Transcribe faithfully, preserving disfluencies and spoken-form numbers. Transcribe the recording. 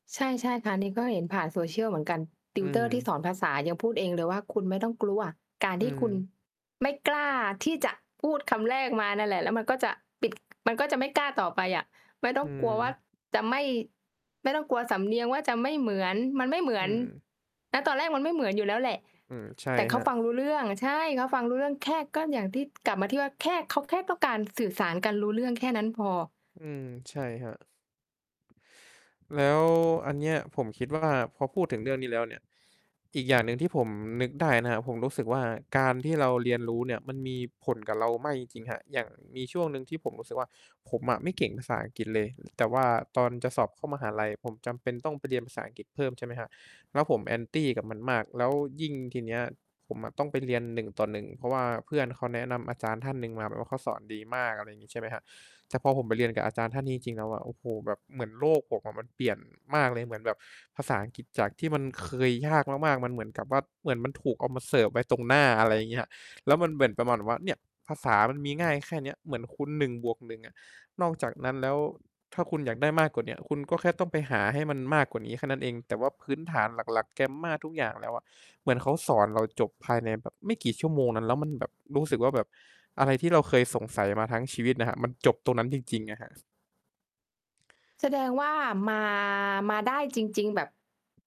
ใช่ ๆ ค่ะ อันนี้ก็เห็นผ่าน social เหมือนกัน อืtutor ที่สม อนภาษายังพูดเองเลยว่า คุณไม่ต้องกลัว การอืที่คุณม ไม่กล้าที่จะพูดคำแรกมานั่นแหละ แล้วมันก็จะปิด มันก็จะไม่กล้าต่อไปอะ ไม่ต้ออืงกลัวว่า ม จะไม่ ไม่ต้องกลัวสำเนียงว่า จะไม่เหมือน มันไม่เหมือือน ม ณ ตอนแรกมันไม่เหมือนอยู่แล้วแหละ อืม ใช่แต่เคขราัฟบ ังรู้เรื่อง ใช่ เขาฟังรู้เรื่อง แค่ ก็อย่างที่ กลับมาที่ว่าแค่ เขาแค่ต้องการสื่อสารกันรู้เรื่องแค่นั้นพอ อืม ใช่ครับ แล้วอันเนี้ย ผมคิดว่าพอพูดถึงเรื่องนี้แล้วเนี่ย อีกอย่างหนึ่งที่ผมนึกได้นะครับ ผมรู้สึกว่า การที่เราเรียนรู้เนี่ย มันมีผลกับเรามากจริง ๆ ครับ อย่างมีช่วงหนึ่งที่ผมรู้สึกว่า ผมอะไม่เก่งภาษาอังกฤษเลย แต่ว่าตอนจะสอบเข้ามหาลัย ผมจำเป็นต้องไปเรียนภาษาอังกฤษเพิ่ม ใช่ไหมครับ แล้วผม Anti กับมันมาก แล้วยิ่งทีเนี้ย ผมอะต้องไปเรียน หนึ่งต่อหนึ่ง เพราะว่าเพื่อนเขาแนะนำอาจารย์ท่านหนึ่งมา แบบว่าเขาสอนดีมาก อะไรงี้ใช่ไหมครับ แต่พอผมไปเรียนกับอาจารย์ท่านนี้จริง ๆ แล้วอะ โอ้โฮ แบบเหมือนโลกผมอะ มันเปลี่ยนมากเลย เหมือนแบบภาษาอังกฤษ จากที่มันเคยยากมาก ๆ มันเหมือนกับว่า เหมือนมันถูกเอามาเสิร์ฟไว้ตรงหน้า อะไรเงี้ย แล้วมันเหมือนประมาณแบบว่า เนี่ยภาษามันมีง่ายแค่เนี้ย เหมือนคุณ หนึ่งบวกหนึ่ง อะ นอกจากนั้นแล้ว ถ้าคุณอยากได้มากกว่าเนี้ย คุณก็แค่ต้องไปหาให้มันมากกว่านี้แค่นั้นเอง แต่ว่าพื้นฐานหลัก ๆ grammar ทุกอย่างแล้วอะ เหมือนเขาสอนเราจบภายในแบบไม่กี่ชั่วโมงนั้น แล้วมันแบบรู้สึกว่าแบบอะไรที่เราเคยสงสัยมาทั้งชีวิตนะครับ มันจบตรงนั้นจริง ๆ อะครับ แสดงว่า มา มาได้จริง ๆ แบบ